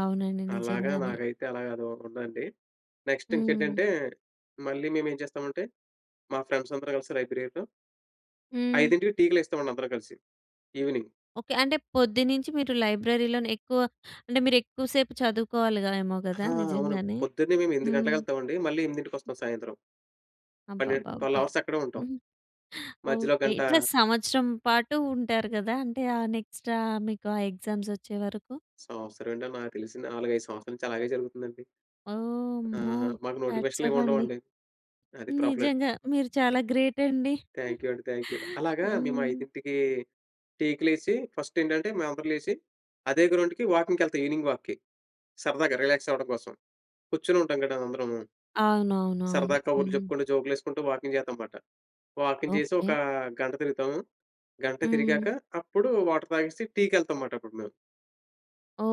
అవునండి. అలాగా నిజంగానే. నాకైతే అలాగ అదోకటుందండి. హ్మ్. నెక్స్టింకేంటంటే, మళ్ళీ మేమేం చేస్తామంటే, మా ఫ్రెండ్సందరూ కలిసి లైబ్రేరిలో హ్మ్. 5కి టీకి లేస్తామండి అందరం కలిసి. ఈవినింగ్. ఓకే. అంటే పొద్దున్నుంచి మీరు లైబ్రరీ‌లోనే ఎక్కువ అంటే, మీరెక్కువ సేపు చదువుకోవాలిగా ఏమో ఆ! గదా! అవును. నిజంగానే. పొద్దున్నే మేం 8 హ్మ్. గంటలకెళ్తామండి. మళ్ళీ ఎనిమిదింటికొస్తాం సాయంత్రం. పన్నెండ్ 12 అబ్బబ్బబ్బా! అవర్స్ అక్కడే ఉంటాం. హ్మ్. మధ్యలో ఓకే. గంటా ఇట్లా సంవత్సరం పాటు ఉంటారు గదా! అంటే ఆ నెక్స్టా మీకు ఆ ఎగ్జామ్సొచ్చేవరకు. సంవత్సరం ఏంటో, నాకు తెలిసి 4, 5 సంవత్సరాల నుంచి అలాగే జరుగుతుందండి. ఓహ్! ఆ! అమ్మో! మాకు హ్యాట్స్ నోటిఫికేషన్‌లేం ఆఫ్ అండి. ఉండవండి. అది ప్రాబ్లమ్. నిజంగా. మీరు చాలా గ్రేటండి. థాంక్యూ అండి. థాంక్యూ. అలాగా మేం హ్మ్. 5కీ టీకి లేసి, ఫస్టేంటంటే, మేం అందరం లేసి, అదే గ్రౌండ్‌కి వాకింగ్‌కెళ్తాం, ఈవెనింగ్ వాక్‌కి. సరదాగా రిలాక్సవ్వడం కోసం. కూర్చొనుంటాం గద అందరము. సరదా అవునవునవును. కబుర్లు హ్మ్. చెప్పుకుంటూ, జోకులేసుకుంటూ, వాకింగ్ చేత్తాంమాట. వాకింగ్ చేసి ఓకే. ఒకా గంట తిరుగుతాము. గంటే హ్మ్. తిరిగాక, అప్పుడు వాటర్ తాగేసి టీకెళ్తాంమాటప్పుడు మేం.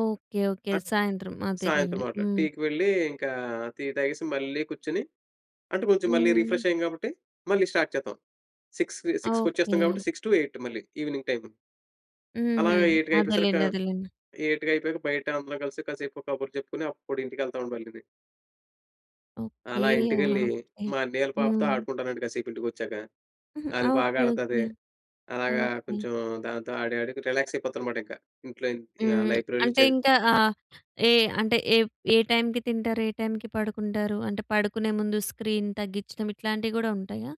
ఓకే. ఓకే. ఆ సాయంత్రం. సాయంత్రం అదేలండి. మాట్లాడు. హ్మ్. టీకి వెళ్ళి, ఇంకా టీ తాగేసి మళ్ళీ కూర్చొని, అంటే కొంచెం మళ్ళీ హ్మ్. రిఫ్రెషయ్యాం గాబట్టి మళ్ళీ స్టార్ట్ చేత్తాం. సిక్స్‌‌కి సిక్స్‌కొచ్చేస్తాం ఓకే. గాబట్టి 6-8 మళ్ళీ ఈవినింగ్ టైము. హుహు. అలాగా ఎయిటుకయిపోయేసరికా, అదేలెండి. అదేలెండి. ఎయిటుకయిపోయాక బయట అందరం కలిసి కాసేపు కబుర్లు చెప్పుకొని, అప్పుడు ఇంటికెళ్తామండి మళ్ళీని. ఓకే. అలా ఆహా! ఇంటికెళ్ళి, ఓకే. మా అన్నయ్యోళ్ళ పాపతో హ్మ్. ఆడుకుంటానండి కాసేపు ఇంటికొచ్చాక. హుహు. అది ఓకే. ఓకే. బాగాడతది. అలాగా ఓకే. కొంచెం, దాంతో ఆడి ఆడుగు రిలాక్సయిపోతానుమాటింకా ఇంట్లో ఇం ఆహ్, హ్మ్. లైబ్రరీ‌లో అంటే, చదివి ఇంకా ఆహ్, ఏ అంటే ఏప్ ఏ టైమ్‌కి తింటారు? ఏ టైమ్‌కి పడుకుంటారు? అంటే, పడుకునే ముందు స్క్రీన్ తగ్గించటం ఇట్లాంటివి గూడా ఉంటయా?